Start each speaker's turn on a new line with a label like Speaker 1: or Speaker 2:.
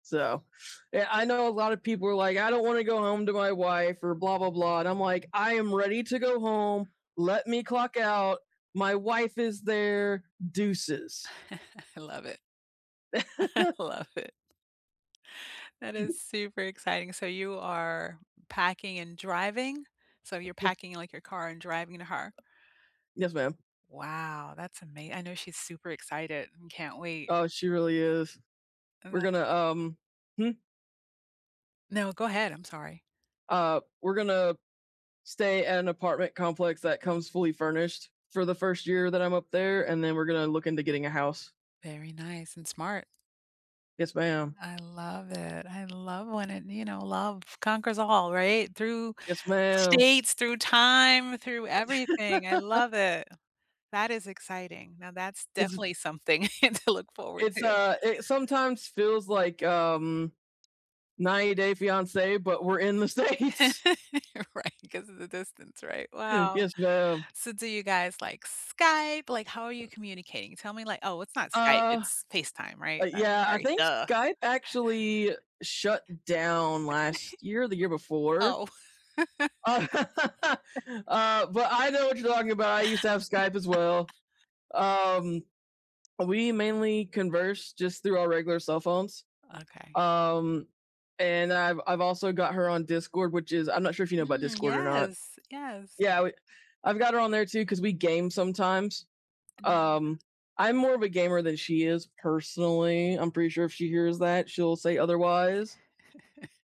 Speaker 1: So, eh, I know a lotta people are like, "I don't wanna go home to my wife or blah blah blah," and I'm like, "I am ready to go home. Let me clock out. My wife is there. Deuces."
Speaker 2: I love it. I love it. That
Speaker 1: Mhm.
Speaker 2: is super exciting, so you are packing and driving? So you're
Speaker 1: Yeah.
Speaker 2: packing, like, your car and driving to her.
Speaker 1: Yes, ma'am.
Speaker 2: Wow, that's ama I know she's super excited and can't wait.
Speaker 1: Oh, she really is.
Speaker 2: That
Speaker 1: We're gonna, um hmm?
Speaker 2: No, go ahead, I'm sorry.
Speaker 1: Uh, we're gonna, stay at an apartment complex that comes fully furnished for the first year that I'm up there, and then we're gonna look into getting a house.
Speaker 2: Very nice and smart.
Speaker 1: Yes, ma'am.
Speaker 2: I love it, I love when it you know, love conquers all, right? Through
Speaker 1: Yes, ma'am.
Speaker 2: states, through time, through everything, I love it. That is exciting, now that's
Speaker 1: It's
Speaker 2: definitely something to look forward
Speaker 1: It's,
Speaker 2: to.
Speaker 1: uh, it sometimes feels like, um, 90 Day Fiancé, but we're in The States.
Speaker 2: Right, 'cause of the distance, right? Wow.
Speaker 1: Yes, ma'am.
Speaker 2: So do you guys, like, Skype? Like, how are you communicating? Tell me, like oh, it's not Skype,
Speaker 1: Uh
Speaker 2: it's FaceTime,
Speaker 1: uh,
Speaker 2: right? That
Speaker 1: yeah, I
Speaker 2: sorry,
Speaker 1: think
Speaker 2: duh.
Speaker 1: Skype actually shut down
Speaker 2: Tha
Speaker 1: last year or the year before.
Speaker 2: Oh.
Speaker 1: Oh, uh, but I know what you're talking about, I used to have Skype as well. Um, we mainly converse just through our regular cell phones.
Speaker 2: Okay.
Speaker 1: Um, and I've I've also got her on Discord, which is I'm not sure if you know about
Speaker 2: Mm,
Speaker 1: Discord or not.
Speaker 2: yes, yes.
Speaker 1: Yeah, we I've got her on there too 'cause we game sometimes.
Speaker 2: Nice.
Speaker 1: Um, I'm more of a gamer than she is personally, I'm pretty sure if she hears that, she'll say otherwise.